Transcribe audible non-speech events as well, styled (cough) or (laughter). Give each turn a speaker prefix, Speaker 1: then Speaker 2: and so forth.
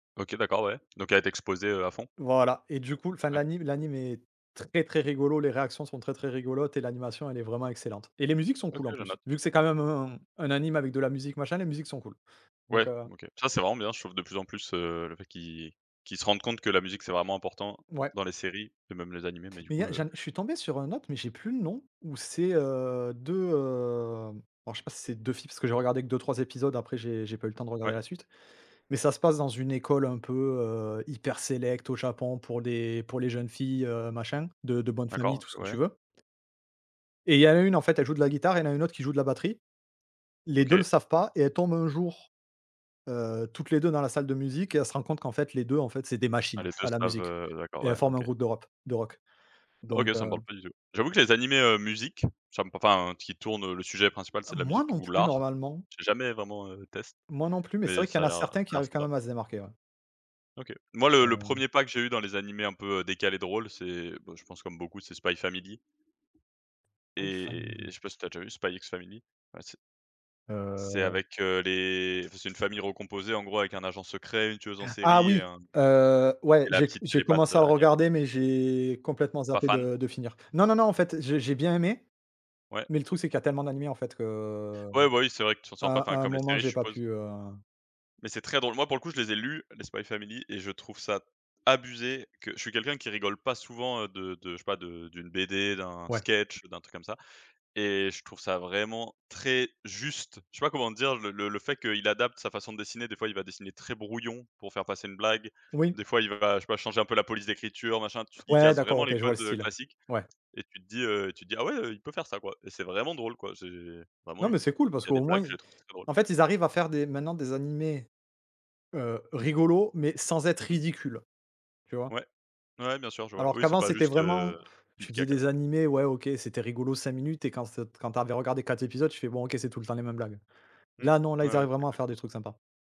Speaker 1: OK, d'accord, ouais. Donc elle a été exposée, heu, à fond.
Speaker 2: Voilà et du coup enfin
Speaker 1: Ouais.
Speaker 2: l'anime l'anime est très, très rigolo, les réactions sont très, très rigolotes et l'animation, elle est vraiment excellente. Et les musiques sont
Speaker 1: OK,
Speaker 2: cools en
Speaker 1: je
Speaker 2: plus,
Speaker 1: note.
Speaker 2: vu que c'est quand même un un anime avec de la musique, machin. Les musiques sont cools. Donc,
Speaker 1: Ouais.
Speaker 2: heu.
Speaker 1: OK. Ça, c'est vraiment bien, je trouve, de plus en plus, heu, le fait qu'ils qu'ils se rendent compte que la musique c'est vraiment important
Speaker 2: Ouais.
Speaker 1: dans les séries et même les animés. Mais du
Speaker 2: Mais il y
Speaker 1: coup,
Speaker 2: a
Speaker 1: heu
Speaker 2: j'en ai je suis tombé sur un autre, mais j'ai plus le nom. Où c'est, heu, 2, hem alors je sais pas si c'est 2 filles parce que j'ai regardé que 2-3 épisodes, après j'ai j'ai pas eu temps de
Speaker 1: Ouais.
Speaker 2: regarder la suite. Mais ça se passe dans une école un peu, heu, hyper sélect au Japon pour des pour les jeunes filles, heu, machin, de de bonne famille,
Speaker 1: D'accord.
Speaker 2: tout ce
Speaker 1: OK,
Speaker 2: que
Speaker 1: ouais.
Speaker 2: tu veux. Et il y a une, en fait, elle joue de la guitare et il y en a une autre qui joue de la batterie. Les 2 le
Speaker 1: OK.
Speaker 2: savent pas et elles tombent un jour, heu, toutes les 2 dans la salle de musique et elles se rendent compte qu'en fait les 2, en fait, c'est des
Speaker 1: Ah,
Speaker 2: machines
Speaker 1: les 2
Speaker 2: à la
Speaker 1: savent,
Speaker 2: musique
Speaker 1: heu. D'accord,
Speaker 2: et elles
Speaker 1: ouais,
Speaker 2: forment un
Speaker 1: OK.
Speaker 2: groupe de rop de rock.
Speaker 1: OK,
Speaker 2: Donc,
Speaker 1: ça me
Speaker 2: heu.
Speaker 1: parle pas du tout. J'avoue que les animés, heu, musique, ça me par enfin, qui tournent, heu le sujet principal c'est de la
Speaker 2: Moi
Speaker 1: musique
Speaker 2: non
Speaker 1: ou
Speaker 2: plus
Speaker 1: l'art,
Speaker 2: normalement.
Speaker 1: j'ai jamais vraiment, heu, test
Speaker 2: Moi non plus, mais c'est
Speaker 1: mais
Speaker 2: vrai qu'il y
Speaker 1: ça
Speaker 2: en
Speaker 1: a
Speaker 2: a
Speaker 1: l'air, heu, ça
Speaker 2: certains
Speaker 1: à
Speaker 2: qui
Speaker 1: l'air
Speaker 2: arrivent quand
Speaker 1: sympa.
Speaker 2: même à se démarquer, ouais.
Speaker 1: OK. Moi, le le
Speaker 2: Hem.
Speaker 1: 1er pas que j'ai eu dans les animés un peu décalés, drôles, c'est, bah, je pense comme beaucoup, c'est Spy Family.
Speaker 2: I
Speaker 1: Et et
Speaker 2: family.
Speaker 1: je sais pas si tu as déjà vu Spy X Family? Bah c'est c'est
Speaker 2: (unintelligible)
Speaker 1: avec, heu, les enfin, c'est une famille recomposée en gros, avec un agent secret, une tueuse en
Speaker 2: Ah
Speaker 1: série et
Speaker 2: oui.
Speaker 1: hem,
Speaker 2: Heu, ouais.
Speaker 1: et la
Speaker 2: J'ai c
Speaker 1: petite
Speaker 2: j'ai
Speaker 1: télépathe,
Speaker 2: commencé à
Speaker 1: heu,
Speaker 2: le
Speaker 1: Anya.
Speaker 2: regarder mais j'ai complètement
Speaker 1: Pas
Speaker 2: zappé
Speaker 1: fan?
Speaker 2: de de finir. Non, non, non, en fait, j'ai j'ai bien aimé.
Speaker 1: Ouais.
Speaker 2: Mais le truc, c'est qu'il y tellement d'animés qu'en fait, que, heu,
Speaker 1: Ouais, bah oui, c'est vrai que tu ressens pas enfin
Speaker 2: à à un
Speaker 1: comme les
Speaker 2: moment
Speaker 1: séries,
Speaker 2: j'ai
Speaker 1: je
Speaker 2: pas
Speaker 1: suppose.
Speaker 2: pu, heu.
Speaker 1: Mais c'est très drôle. Moi, pour coup, je les ai lus, les Spy Family. Et je trouve ça abusé que je suis quelqu'un qui rigole pas souvent de de, je sais pas, d'une BD, d'un
Speaker 2: Ouais.
Speaker 1: sketch, heu, d'un truc comme ça. Et je trouve ça vraiment, très juste, je sais pas comment te dire. Le le le fait qu'il adapte sa façon de dessiner, des fois il va dessiner très brouillon pour faire passer une blague,
Speaker 2: Oui.
Speaker 1: des fois il va je sais pas, changer un peu la police d'écriture, machin, tu il
Speaker 2: Ouais,
Speaker 1: casse
Speaker 2: d'accord,
Speaker 1: vraiment les
Speaker 2: OK, je vois le
Speaker 1: codes, heu,
Speaker 2: style.
Speaker 1: classiques.
Speaker 2: Ouais.
Speaker 1: Et tu te dis, heu, tu te dis: «Ah, ouais, heu, il peut faire ça quoi» et c'est vraiment drôle quoi, c'est bah
Speaker 2: Non
Speaker 1: moi, il
Speaker 2: mais c'est cool parce
Speaker 1: y
Speaker 2: qu'au
Speaker 1: des
Speaker 2: moins,
Speaker 1: blagues, je
Speaker 2: ils
Speaker 1: les trouve très drôles.
Speaker 2: en fait, ils arrivent à faire des maintenant des animés, heu, rigolos mais sans être
Speaker 1: Mmh mh.
Speaker 2: ridicule, tu vois?
Speaker 1: Ouais, ouais, ouais, bien sûr, je vois.
Speaker 2: Alors
Speaker 1: Oui, c'est
Speaker 2: qu'avant
Speaker 1: pas
Speaker 2: c'était
Speaker 1: juste, heu,
Speaker 2: vraiment tu faisais
Speaker 1: pipi-caca,
Speaker 2: des
Speaker 1: quoi.
Speaker 2: animés, ouais OK, c'était rigolo 5 minutes et quand cet quand tu avais regardé 4 épisodes, tu fais: «Bon OK, c'est tout le temps les mêmes blagues».
Speaker 1: Mmh.
Speaker 2: Là non, là
Speaker 1: Ouais,
Speaker 2: ils
Speaker 1: ouais.
Speaker 2: arrivent
Speaker 1: C'est
Speaker 2: vraiment à faire
Speaker 1: exactement
Speaker 2: des
Speaker 1: ça.
Speaker 2: trucs sympas.